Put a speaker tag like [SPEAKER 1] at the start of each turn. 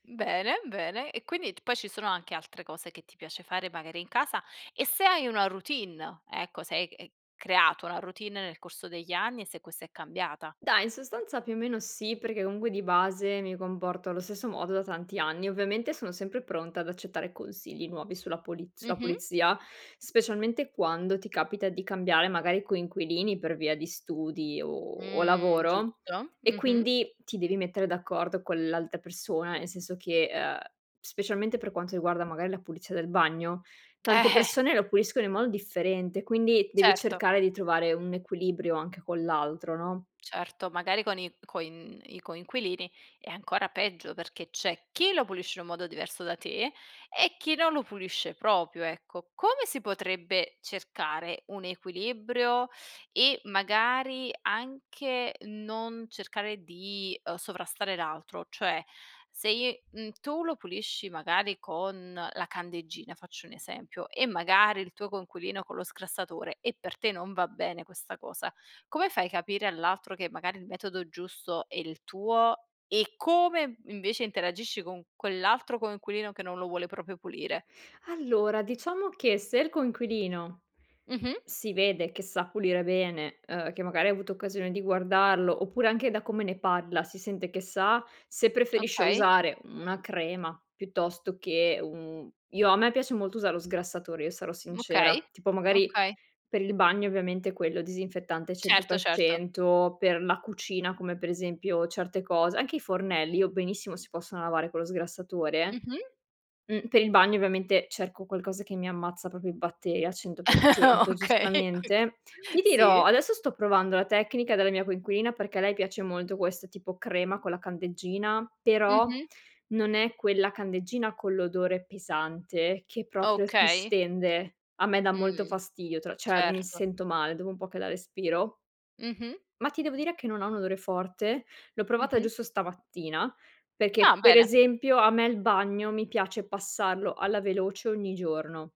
[SPEAKER 1] Mhmm, bene, bene. E quindi, t poi ci sono anche altre cose che ti piace fare, magari in casa e se hai una routine, ecco, se hai ec e creato una routine nel corso degli anni e se questa è cambiata.
[SPEAKER 2] Dai, in sostanza più o meno sì, perché comunque di base mi comporto allo stesso modo da tanti anni. Ovviamente sono sempre pronta ad accettare consigli nuovi sulla puliz sulla
[SPEAKER 1] Mh-mh.
[SPEAKER 2] pulizia, specialmente quando ti capita di cambiare magari coinquilini per via di studi o o
[SPEAKER 1] Mh,
[SPEAKER 2] lavoro
[SPEAKER 1] giusto.
[SPEAKER 2] e
[SPEAKER 1] Mh-mh.
[SPEAKER 2] quindi ti devi mettere d'accordo con l'altra persona, nel senso che, ehm, specialmente per quanto riguarda magari la pulizia del bagno,
[SPEAKER 1] Eh
[SPEAKER 2] tante
[SPEAKER 1] eh.
[SPEAKER 2] persone lo puliscono in modo differente, quindi devi
[SPEAKER 1] Certo.
[SPEAKER 2] cercare di trovare un equilibrio anche con l'altro, no?
[SPEAKER 1] Certo, magari con i coin i coinquilini è ancora peggio perché c'è chi lo pulisce in un modo diverso da te e chi non lo pulisce proprio, ecco. Come si potrebbe cercare un equilibrio e magari anche non cercare di, ehm, sovrastare l'altro? Cioè, se i mhmm, tu lo pulisci magari con la candeggina, faccio un esempio, e magari il tuo coinquilino con lo sgrassatore e per te non va bene questa cosa, come fai a capire all'altro che magari il metodo giusto è il tuo? E come invece interagisci con quell'altro coinquilino che non lo vuole proprio pulire?
[SPEAKER 2] Allora, diciamo che se il coinquilino
[SPEAKER 1] Mh-mh.
[SPEAKER 2] si vede che sa pulire bene, ehm, che magari hai avuto occasione di guardarlo, oppure anche da come ne parla si sente che sa se preferisce
[SPEAKER 1] Okay.
[SPEAKER 2] usare una crema piuttosto che un io a me piace molto usare lo sgrassatore, io sarò sincera.
[SPEAKER 1] Okay,
[SPEAKER 2] Tipo magari
[SPEAKER 1] okay.
[SPEAKER 2] per il bagno ovviamente quello disinfettante cento
[SPEAKER 1] Certo,
[SPEAKER 2] per
[SPEAKER 1] certo.
[SPEAKER 2] cento, per la cucina come per esempio certe cose, anche i fornelli io benissimo si possono lavare con lo sgrassatore.
[SPEAKER 1] Mh-mh.
[SPEAKER 2] Mhmm, per il bagno ovviamente cerco qualcosa che mi ammazza proprio i batteri al cento per cento,
[SPEAKER 1] Okay, okay.
[SPEAKER 2] giustamente. Ti dirò,
[SPEAKER 1] Sì.
[SPEAKER 2] adesso sto provando la tecnica della mia coinquilina perché a lei piace molto questo tipo crema con la candeggina, però
[SPEAKER 1] Mh-mh.
[SPEAKER 2] non è quella candeggina con l'odore pesante che proprio ti
[SPEAKER 1] Okay.
[SPEAKER 2] stende. A me dà molto
[SPEAKER 1] Mh,
[SPEAKER 2] fastidio tra cioè, mi
[SPEAKER 1] certo.
[SPEAKER 2] sento male dopo un po' che la respiro
[SPEAKER 1] Mh-mh.
[SPEAKER 2] ma ti devo dire che non ha un odore forte. L'ho provata
[SPEAKER 1] Mh-mh.
[SPEAKER 2] giusto stamattina
[SPEAKER 1] Ah
[SPEAKER 2] perché per
[SPEAKER 1] bene.
[SPEAKER 2] esempio a me il bagno mi piace passarlo alla veloce ogni giorno.